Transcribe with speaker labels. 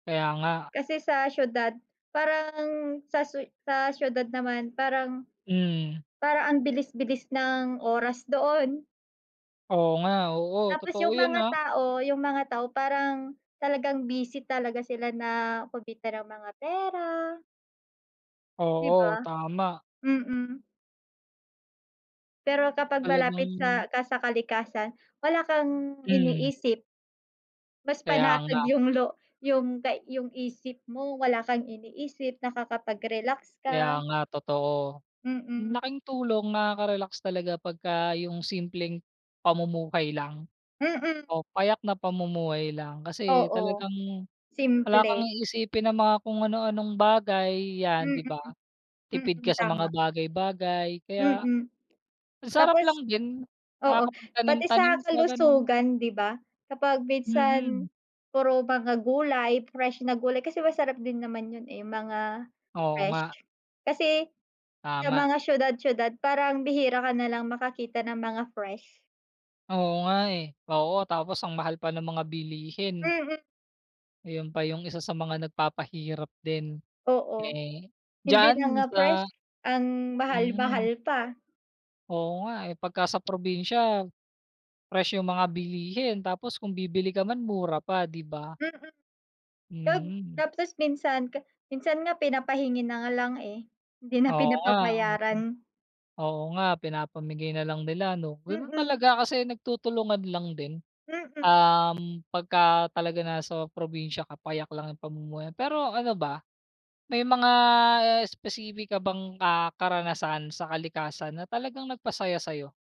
Speaker 1: Kaya nga.
Speaker 2: Kasi sa siyudad parang, sa siyu sa siyudad naman parang
Speaker 1: Hmm.
Speaker 2: parang ang bilis-bilis ng oras doon.
Speaker 1: Oo nga, oo.
Speaker 2: Tapos
Speaker 1: Totoo
Speaker 2: 'yung
Speaker 1: 'yun
Speaker 2: mga
Speaker 1: ah.
Speaker 2: tao, 'yung mga tao, parang talagang busy talaga sila na kumita ng mga pera. 'Di
Speaker 1: Oo,
Speaker 2: ba.
Speaker 1: tama.
Speaker 2: Mm. Pero kapag
Speaker 1: Talagang
Speaker 2: malapit sa ka sa kalikasan wala kang
Speaker 1: Hmm.
Speaker 2: iniisip. Mas
Speaker 1: Kaya
Speaker 2: panatag
Speaker 1: nga.
Speaker 2: 'yung lo 'yung kay 'yung isip mo wala kang iniisip, nakakapag-relax
Speaker 1: Kaya
Speaker 2: ka.
Speaker 1: nga totoo. Ang
Speaker 2: Mm.
Speaker 1: laking tulong, nakaka-relax talaga pagka 'yung simpleng pamumuhay lang,
Speaker 2: Mm.
Speaker 1: o payak na pamumuhay lang. Kasi
Speaker 2: Oo,
Speaker 1: talagang wala kang
Speaker 2: simple.
Speaker 1: iisipin na mga kung ano-anong bagay, 'yan
Speaker 2: Mm,
Speaker 1: 'di ba. Tipid
Speaker 2: mm,
Speaker 1: ka sa mga
Speaker 2: tama.
Speaker 1: bagay-bagay kaya,
Speaker 2: Mm,
Speaker 1: ang sarap
Speaker 2: tapos
Speaker 1: lang din,
Speaker 2: oo, pati sa
Speaker 1: nakakapagtanim-tanim ka, ganun.
Speaker 2: kalusugan 'di ba, kapag
Speaker 1: Mm.
Speaker 2: minsan puro mga gulay, fresh na gulay, kasi masarap din naman 'yun eh, mga
Speaker 1: Oo
Speaker 2: fresh.
Speaker 1: nga.
Speaker 2: Kasi, sa
Speaker 1: Tama.
Speaker 2: mga siyudad-siyudad parang bihira ka na lang makakita ng mga fresh.
Speaker 1: Oo nga eh. Oo, tapos ang mahal pa ng mga bilihin.
Speaker 2: Mm.
Speaker 1: Ayun pa 'yung isa sa mga nagpapahirap din
Speaker 2: Oo,
Speaker 1: eh,
Speaker 2: hindi na
Speaker 1: diyaan
Speaker 2: nga fresh
Speaker 1: sa,
Speaker 2: ang
Speaker 1: mhm.
Speaker 2: mahal-mahal pa.
Speaker 1: Oo nga eh, pagka sa probinsya, fresh 'yung mga bilihin tapos kung bibili ka man mura pa, 'di ba.
Speaker 2: Mm. 'Pag
Speaker 1: Mhm.
Speaker 2: tapos minsan ka minsan nga pinapahingi na nga lang eh. hindi na
Speaker 1: Oo nga, oo.
Speaker 2: pinapabayaran.
Speaker 1: Oo nga, pinapamigay na lang nila 'no, gano'n
Speaker 2: Mm.
Speaker 1: talaga kasi nagtutulungan lang din.
Speaker 2: Mm.
Speaker 1: Um, pagka talaga nasa probinsya ka payak lang 'yung pamumuhay, pero ano ba, may mga specific ka bang, ah, karanasan sa kalikasan na talagang nagpasaya sa'yo?